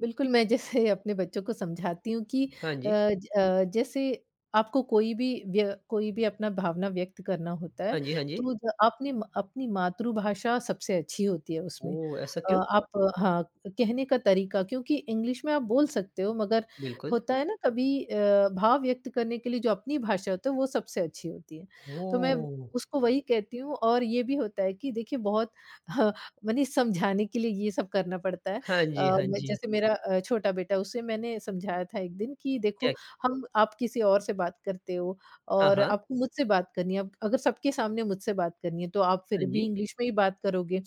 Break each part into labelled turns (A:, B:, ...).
A: बिल्कुल, मैं जैसे अपने बच्चों को समझाती हूँ कि
B: हाँ
A: अ
B: जी।
A: अ, जैसे आपको कोई भी व्य कोई भी अपना भावना व्यक्त करना होता है
B: हाँ जी, हाँ
A: तो
B: जी।
A: ज अपने अपनी मातृभाषा सबसे अच्छी होती है उसमें।
B: ओह! ऐसा
A: अ,
B: क्यों?
A: आप हाँ, कहने का तरीक़ा क्योंकि इंग्लिश में आप बोल सकते हो मगर
B: बिल्कुल।
A: होता है ना, कभी अ, भाव व्यक्त करने के लिए जो अपनी भाषा होती है, वो सबसे अच्छी होती है। तो मैं
B: ओह!
A: उसको वही कहती हूँ और ये भी होता है कि देखिए बहुत ह माने समझाने के लिए ये सब करना पड़ता है।
B: हाँ जी,
A: अ,
B: हाँ
A: मैं
B: जी।
A: जैसे मेरा अ, छोटा बेटा उसे मैंने समझाया था एक दिन कि
B: क्या?
A: देखो हम आप किसी और से बात करते हो
B: हाँ,
A: और
B: हाँ।
A: आपको मुझसे बात करनी है, अब अगर सबके सामने मुझसे बात करनी है, तो आप
B: हाँ
A: फिर भी
B: जी।
A: इंग्लिश में ही बात करोगे।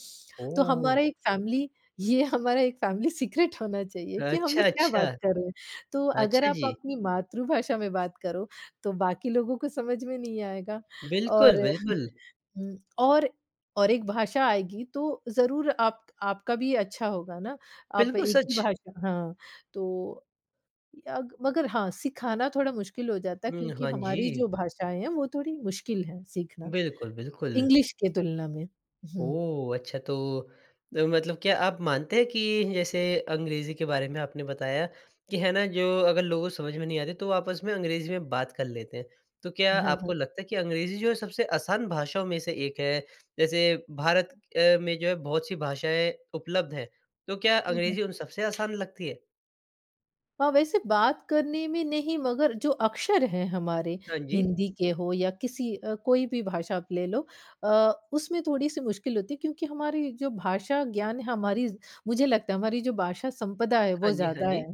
A: तो
B: ओह!
A: हमारा एक फ़ेेमिली ये हमारा एक फ़ेेमिली सीक्रेट होना चाहिए कि हम
B: अच्छा,
A: लोग क्या
B: अच्छा।
A: बात कर रहे हैं। तो अगर
B: अच्छा
A: आप
B: जी।
A: अपनी मातृभाषा में बात करो तो बाकी लोगों को समझ में नहीं आएगा
B: बिल्कुल,
A: और
B: बिल्कुल।
A: हुँ। और और एक भाषा आएगी तो ज़रूर आप आपका भी अच्छा होगा ना, आप
B: बिल्कुल
A: एक ही
B: सच।
A: भाषा हाँ, तो यग मगर हाँ, सिखाना थोड़ा मुश्किल हो जाता है
B: हुँ।
A: क्योंकि
B: हाँ
A: हमारी
B: जी।
A: जो भाषाएँ हैं वो थोड़ी मुश्किल हैं सीखना,
B: बिल्कुल, बिल्कुल।
A: इंग्लिश की तुलना में। हुँ।
B: ओह! अच्छा तो द मतलब क्या आप मानते हैं कि जैसे अंग्रेज़ी के बारे में आपने बताया कि है ना, जो अगर लोगों को समझ में नहीं आते तो वो आपस में अंग्रेज़ी में बात कर लेते हैं। तो क्या
A: हाँ,
B: आपको
A: हाँ।
B: लगता है कि अंग्रेज़ी जो है सबसे आसान भाषाओं में से एक है? जैसे भारत अ, में जो है बहुत-सी भाषाएँ उपलब्ध हैं तो क्या
A: हुँ, हुँ।
B: अंग्रेज़ी उन सबसे आसान लगती है?
A: हाँ, वैसे बात करने में नहीं मगर जो अक्षर हैं हमारे
B: हाँ जी।
A: हिंदी के हो या किसी अ, कोई भी भाषा आप ले लो अ, उसमें थोड़ी-सी मुश्किल होती है क्योंकि हमारी जो भाषा ज्ञान हमारी मुझे लगता है हमारी जो भाषा संपदा है
B: हाँ
A: वो
B: जी, हाँ
A: ज़्यादा है
B: जी।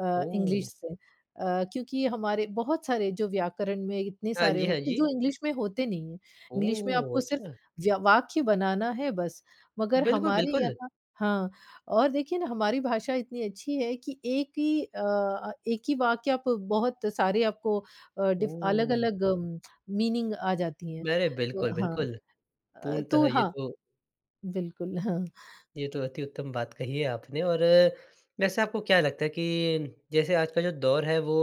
A: अ,
B: ओह!
A: इंग्लिश से। अ, क्योंकि हमारे बहुत सारे जो व्याकरण में इतने
B: हाँ
A: सारे
B: जी, हाँ
A: होते हैं जो
B: जी।
A: इंग्लिश में होते नहीं हैं। इंग्लिश में
B: ओह!
A: आपको सिर्फ़
B: अच्छा।
A: व्य वाक्य बनाना है बस मगर
B: बिल्कुल,
A: हमारे
B: बिल्कुल।
A: यहाँ हाँ, और देखिए ना हमारी भाषा इतनी अच्छी है कि एक ही अ, एक ही वाक्य आप बहुत सारे आपको अ, डिफ
B: ओह!
A: अलग-अलग मीनिंग आ जाती हैं।
B: अरे!
A: तो
B: बिल्कुल,
A: हाँ।
B: बिल्कुल।
A: अ,
B: पूर्णतः
A: तो
B: ये
A: हाँ।
B: तो
A: बिल्कुल। हाँ।
B: ये तो अति उत्तम बात कही है आपने और वैसे आपको क्या लगता है कि जैसे आज का जो दौर है वो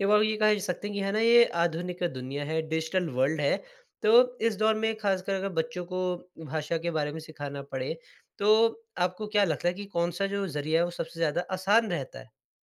B: एक बार को ये कह सकते हैं, हैं ना ये आधुनिक दुनिया है, डिजिटल वर्ल्ड है। तो इस दौर में ख़ासकर अगर बच्चों को भाषा के बारे में सिखाना पड़े, तो आपको क्या लगता है कि कौन-सा जो ज़रिया है वो सबसे ज़्यादा आसान रहता है?